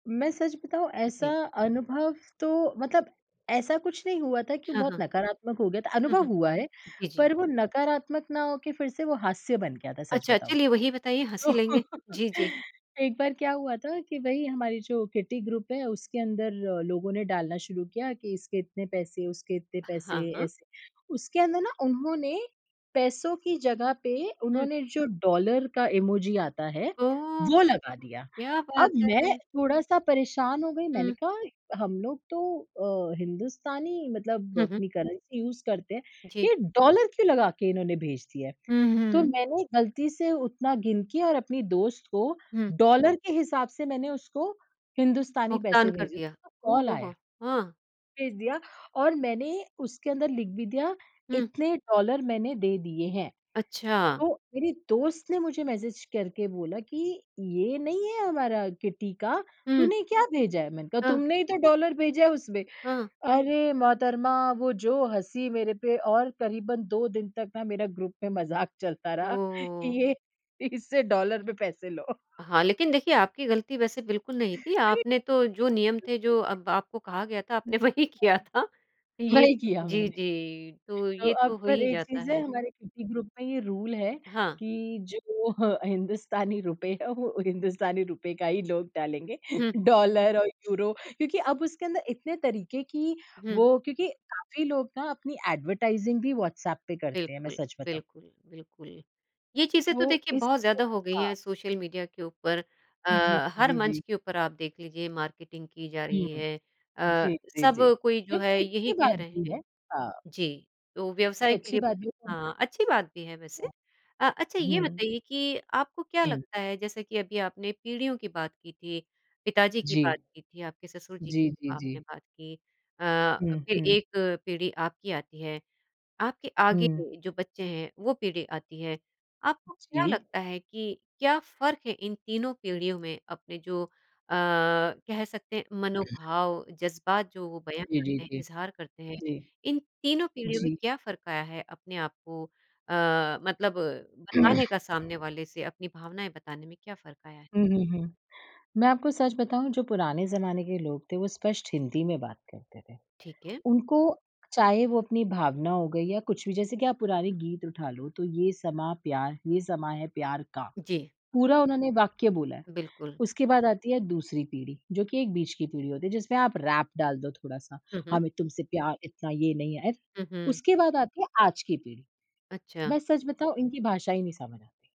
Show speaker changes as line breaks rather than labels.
मैं सच बताऊँ ऐसा
जी।
अनुभव तो मतलब ऐसा कुछ नहीं हुआ था कि
हाँ,
बहुत
हाँ।
नकारात्मक हो गया था।
हुँ,
अनुभव
हुँ।
हुआ है,
जी, जी।
पर वो नकारात्मक ना हो के फिर से वो हास्य बन गया था सच
अच्छा,
बताऊँ
चलिए वही बताइए
तो।
हँसी लेंगे। जी, जी।
एक बार क्या हुआ था, कि वही हमारी जो किटी ग्रुप है उसके अंदर लोगों ने डालना शुरू किया कि इसके इतने पैसे, उसके इतने
हाँ,
पैसे,
हाँ।
ऐसे। उसके अंदर ना उन्होंने, पैसों की जगह पे
हुँ।
उन्होंने जो डॉलर का इमोजी आता है
ओह!
वो लगा दिया।
क्या बात
अब मैं
है।
थोड़ा-सा परेशान हो गयी मैंने
हुँ।
कहा हम लोग तो अ, हिंदुस्तानी मतलब
हुँ, हुँ।
अपनी करेंसी यूज़ करते हैं,
जी।
ये डॉलर क्यों लगा के इन्होने भेज दिया है?
हुँ,
तो
हुँ।
मैंने गलती से उतना गिन के और अपनी दोस्त को
हुँ।
डॉलर के हिसाब से मैंने उसको हिंदुस्तानी
भुगतान
पैसे
कर
भेजे,
दिया।
तो
ओह
कॉल
हो हो,
आया
हाँ।
भेज दिया, और मैंने उसके अंदर लिख भी दिया
हुँ।
इतने डॉलर मैंने दे दिए हैं।
अच्छा।
तो मेरे दोस्त ने मुझे मैसेज करके बोला कि, "ये नहीं है हमारा किट्टी का,
हुँ।
तूने क्या भेजा है?" मैंने कहा
हाँ।
तुमने ही तो डॉलर भेजा है उसमें।
हाँ।
अरे मोहतरमा वो जो हंसी मेरे पे और करीबन 2 दिन तक ना मेरा ग्रुप में मजाक चलता रहा कि
ओह!
ये इससे डॉलर में पैसे लो।
हाँ, लेकिन देखिए आपकी गलती वैसे बिल्कुल नहीं थी। आपने तो जो नियम थे जो
[unintelligible]
अब आपको कहा गया था
जी,
आपने
[unintelligible]
वही किया था। ये
वही किया
जी,
मैंने।
जी। तो
तो
ये
अब
तो हो
फिर
ही
एक
जाता
चीज़ है
है।
हमारे ग्रुप में ये रूल है
हाँ।
कि जो अ, हिंदुस्तानी रुपए है वो हिंदुस्तानी रुपए का ही लोग डालेंगे,
हुँ।
डॉलर और यूरो क्योंकि अब उसके अंदर इतने तरीके की
हुँ।
वो क्योंकि काफ़ी लोग ना अपनी एडवरटाइजिंग भी व्हाट्सएप पे करते हैं मैं
बिल्कुल,
सच बताऊँ।
बिल्कुल, बिल्कुल। ये चीज़ें तो
तो
देखिए
इस
बहुत ज़्यादा हो गई
हाँ।
है सोशल मीडिया के ऊपर
जी, जी।
अ, हर
जी,
मंच
जी।
के ऊपर आप देख लीजिए मार्केटिंग की जा रही
हुँ।
है अ,
जी, जी,
सब
जी।
कोई जो है
क्योंकि अच्छी
यही कह
बात
रहे
भी
हैं।
है।
जी, तो व्यवसाय के
अच्छी
लिए
बात है। हाँ।
हाँ, अच्छी बात भी है वैसे।
क्या
अच्छा ये
हुँ।
बताइए कि आपको क्या
हुँ।
लगता है जैसे कि अभी आपने पीढ़ियों की बात की थी, पिताजी की
जी।
बात की थी, आपके ससुर जी की
जी,
जो
जी,
आपने
जी।
बात की अ,
हुँ,
फिर
हुँ।
एक पीढ़ी आपकी आती है आपके आगे
हुँ।
जो बच्चे हैं वो पीढ़ी आती है। आपको क्या
जी।
लगता है कि क्या फ़र्क है इन तीनों पीढ़ियों में? अपने जो अ, कह सकते हैं मनोभाव जज़्बात जो वो बयान
जी, जी,
करते हैं
जी,
इज़हार करते हैं।
जी।
इन तीनों पीढ़ियों में
जी।
क्या फ़र्क आया है अपने आप को अ, मतलब बताने का सामने वाले से अपनी भावनाएँ बताने में क्या फ़र्क आया है?
हुँ, हुँ, हुँ। मैं आपको सच बताऊँ? जो पुराने ज़माने के लोग थे वो स्पष्ट हिंदी में बात करते थे।
ठीक है।
उनको चाहे वो अपनी भावना हो गई या कुछ भी जैसे कि आप पुराने गीत उठा लो तो ये समां प्यार ये समा है प्यार का,
जी।
पूरा उन्होंने वाक्य बोला है।
बिल्कुल।
उसके बाद आती है दूसरी पीढ़ी जो कि एक बीच की पीढ़ी होती है जिसमें आप रैप डाल दो थोड़ा-सा
हुँ, हुँ।
हमें तुमसे प्यार इतना ये नहीं आया।
हुँ, हुँ।
उसके बाद आती है आज की पीढ़ी।
अच्छा।
मैं सच बताऊँ इनकी भाषा ही नहीं समझ आती।